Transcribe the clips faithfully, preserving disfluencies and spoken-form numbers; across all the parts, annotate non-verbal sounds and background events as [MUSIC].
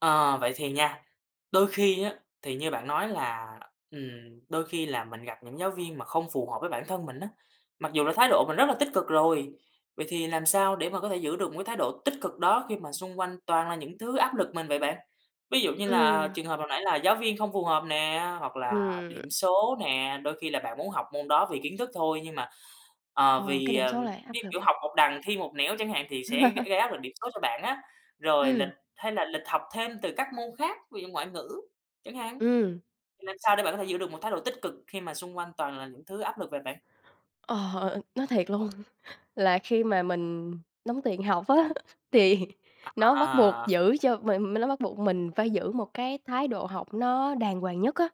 Ờ, vậy thì nha, đôi khi á, thì như bạn nói là, ừm, đôi khi là mình gặp những giáo viên mà không phù hợp với bản thân mình á, mặc dù là thái độ mình rất là tích cực rồi. Vậy thì làm sao để mà có thể giữ được một cái thái độ tích cực đó khi mà xung quanh toàn là những thứ áp lực mình vậy bạn? Ví dụ như là Ừm. trường hợp hồi nãy là giáo viên không phù hợp nè, hoặc là Ừm. điểm số nè. Đôi khi là bạn muốn học môn đó vì kiến thức thôi nhưng mà, à, Ờ, cái vì, điểm ờm, số lại áp cái lực. kiểu học một đằng thi một nẻo chẳng hạn thì sẽ gây [CHUCKLES] gây áp lực điểm số cho bạn á. Rồi lịch Ừm. hay là lịch học thêm từ các môn khác, ví dụ ngoại ngữ chẳng hạn. Ừm. Thì làm sao để bạn có thể giữ được một thái độ tích cực khi mà xung quanh toàn là những thứ áp lực vậy bạn? Ờ, nói thiệt luôn là khi mà mình đóng tiền học á thì nó bắt buộc À. giữ cho mình mình nó bắt buộc mình phải giữ một cái thái độ học nó đàng hoàng nhất á.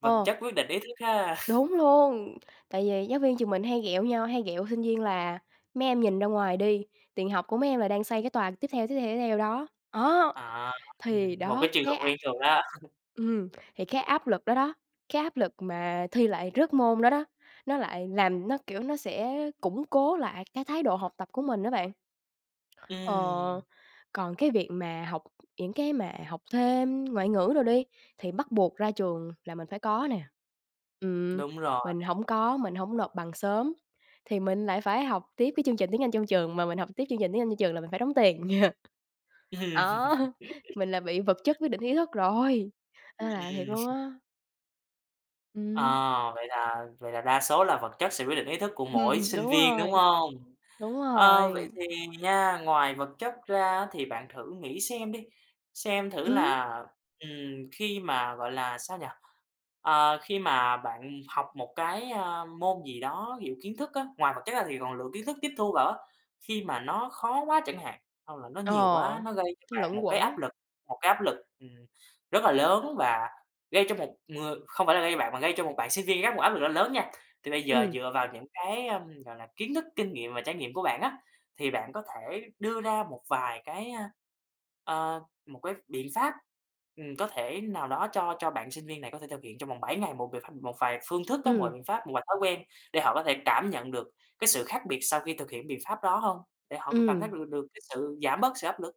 Vật Ồ. chất quyết định ý thức ha. [CHUCKLES] Đúng luôn. Tại vì giáo viên trường mình hay ghẹo nhau, hay ghẹo sinh viên là "Mấy em nhìn ra ngoài đi, tiền học của mấy em là đang xây cái tòa tiếp theo, tiếp theo, tiếp theo đó." Á, À. Ừm, thì một đó, cái trường hợp cái ap quen thuộc á. [CHUCKLES] ừm, thì cái áp lực đó đó, cái áp lực mà thi lại rớt môn đó đó, nó lại làm nó, kiểu, nó sẽ củng cố lại cái thái độ học tập của mình á bạn. Ờ, Ừm. còn cái việc mà học những cái mà học thêm ngoại ngữ đồ đi, thì bắt buộc ra trường là mình phải có nè. Ừm, Đúng rồi. mình hổng có, mình hổng nộp bằng sớm thì mình lại phải học tiếp cái chương trình tiếng Anh trong trường, mà mình học tiếp chương trình tiếng Anh trong trường là mình phải đóng tiền. [CHUCKLES] Á. [LAUGHS] Mình là bị vật chất quyết định ý thức rồi, Ừm, nên là thiệt ừm. luôn [CHUCKLES] á. À. Ừm. Vậy là vậy là đa số là vật chất sẽ quyết định ý thức của Hừm, mỗi ừm, sinh đúng viên, đúng rồi. hông? Đúng A, vậy rồi. thì nha, ngoài vật chất ra thì bạn thử nghĩ xem đi, xem thử Ừm. là, ừm, khi mà gọi là sao nhỉ? À, khi mà bạn học một cái, a, môn gì đó ví dụ kiến thức á, ngoài vật chất ra thì còn lượng kiến thức tiếp thu vào á, khi mà nó khó quá chẳng hạn, hoặc là nó nhiều quá, Ờ. nó gây cho bạn Luẩn một cái áp quẩn. lực một cái áp lực, ừm, rất là lớn và gây cho một ng không phải là gây cho bạn mà gây cho một bạn sinh viên khác một áp lực nó lớn nha. Thì bây giờ Ừm. dựa vào những cái, ờm, gọi là, kiến thức, kinh nghiệm và trải nghiệm của bạn á, thì bạn có thể đưa ra một vài cái, a, à, một cái biện pháp, ừm, có thể nào đó cho cho bạn sinh viên này có thể thực hiện trong vòng bảy ngày, một vài ph một vài phương thức á, một vài Ừm. biện pháp, một vài thói quen để họ có thể cảm nhận được cái sự khác biệt sau khi thực hiện biện pháp đó hông? Để họ có cảm thấy Ừm. mình được được cái sự giảm bớt sự áp lực?